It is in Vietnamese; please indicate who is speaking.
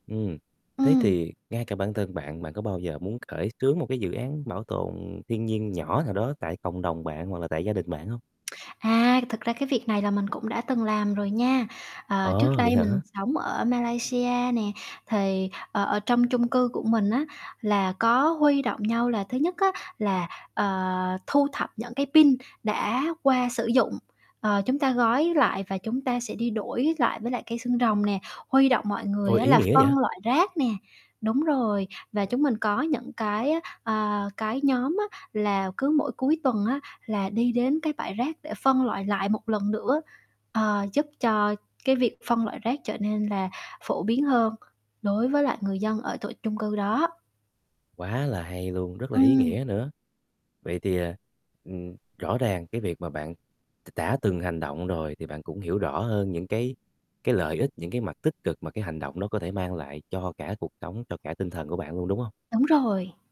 Speaker 1: Ừm, thế
Speaker 2: Ừm.
Speaker 1: thì ngay cả bản thân bạn, bạn có bao giờ muốn khởi xướng một cái dự án bảo tồn thiên nhiên nhỏ nào đó tại cộng đồng bạn hoặc là tại gia đình bạn hông?
Speaker 2: À, thực ra cái việc này là mình cũng đã từng làm rồi nha. Ờ, trước
Speaker 1: Ờ, vậy
Speaker 2: đây mình
Speaker 1: hả?
Speaker 2: sống ở Malaysia nè, thì, ờ, ở trong chung cư của mình á là có huy động nhau là thứ nhất á là, ờ, thu thập những cái pin đã qua sử dụng, ờ, chúng ta gói lại và chúng ta sẽ đi đổi lại với lại cây xương rồng nè. Huy động mọi người
Speaker 1: Ôi,
Speaker 2: á
Speaker 1: ý
Speaker 2: là
Speaker 1: nghĩa vậy.
Speaker 2: phân loại rác nè đúng rồi, và chúng mình có những cái, ơ, ờ, cái nhóm á là cứ mỗi cuối tuần á là đi đến cái bãi rác để phân loại lại một lần nữa, ờ, giúp cho cái việc phân loại rác trở nên là phổ biến hơn đối với lại người dân ở tổ chung cư đó.
Speaker 1: Quá là hay luôn, rất là ý
Speaker 2: Ừm.
Speaker 1: nghĩa nữa. Vậy thì, à, ừm, rõ ràng cái việc mà bạn đ đã từng hành động rồi thì bạn cũng hiểu rõ hơn những cái cái lợi ích, những cái mặt tích cực mà cái hành động đó có thể mang lại cho cả cuộc sống, cho cả tinh thần của bạn luôn, đúng hông?
Speaker 2: Đúng rồi.